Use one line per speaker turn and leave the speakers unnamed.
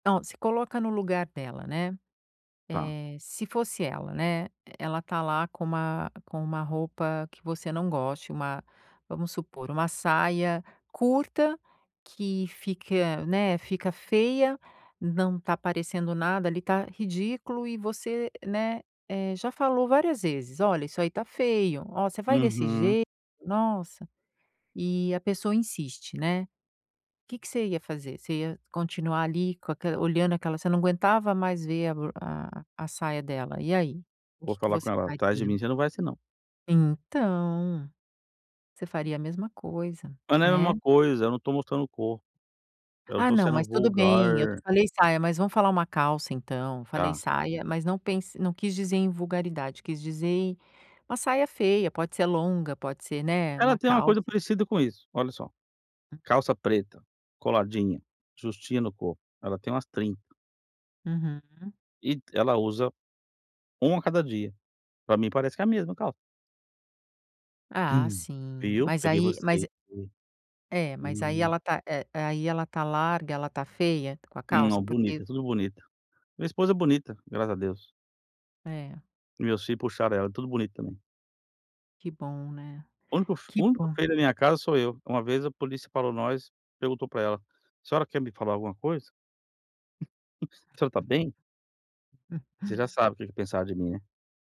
Então, se coloca no lugar dela, né,
Tá.
eh, se fosse ela, né, ela tá lá com uma com uma roupa que você não goste, uma, vamos supor, uma saia curta que fique, né, fica feia, não tá aparecendo nada ali, tá ridículo, e você, né, eh, já falou várias vezes: "Olha, isso aí tá feio, ó, você vai desse
Uhum.
jeito, nossa.", e a pessoa insiste, né. Que você ia fazer, você ia continuar ali com aque olhando aquela você não aguentava mais ver a b a a saia dela, e aí,
Vou
que que
falar com
você
ela: "Atrás de
faria?
mim você não vai assim, não!".
Então, você faria a mesma coisa,
Mas não é a
né.
mesma coisa, eu não tô mostrando o corpo, eu não
Ah,
tô
não,
sendo
mas tudo bem, eu te
vulgar
falei "saia", mas vamos falar uma "calça" então, falei
Tá.
"saia", mas não pense não quis dizer em "vulgaridade", quis dizer uma "saia feia", pode ser longa, pode ser, né, uma
Ela tem uma
"calça".
coisa parecida com isso, olha só:
Hum
calça preta, coladinha, justinha no corpo, ela tem umas 30.
Uhum.
E ela usa 1 a cada dia, pra mim parece que é a mesma calça. Hã!
Ah, sim,
Viu,
mas
peguei
aí mas
você
é é, mas aí
[unintelligible]
ela tá, eh, aí ela tá larga, ela tá feia com a calça,
Não,
porque
bonita, é tudo bonita, minha esposa é bonita, graças a Deus.
É.
Meus filhos puxaram ela, é tudo bonito também.
Que bom, né,
O único fe o
que
único
bom!
feio da minha casa sou eu, uma vez a polícia parou nós, perguntou pra ela: "A senhora quer me falar alguma coisa?". "A senhora tá bem?".
[unintelligible]
Você já sabe o que que é pensaram de mim, né.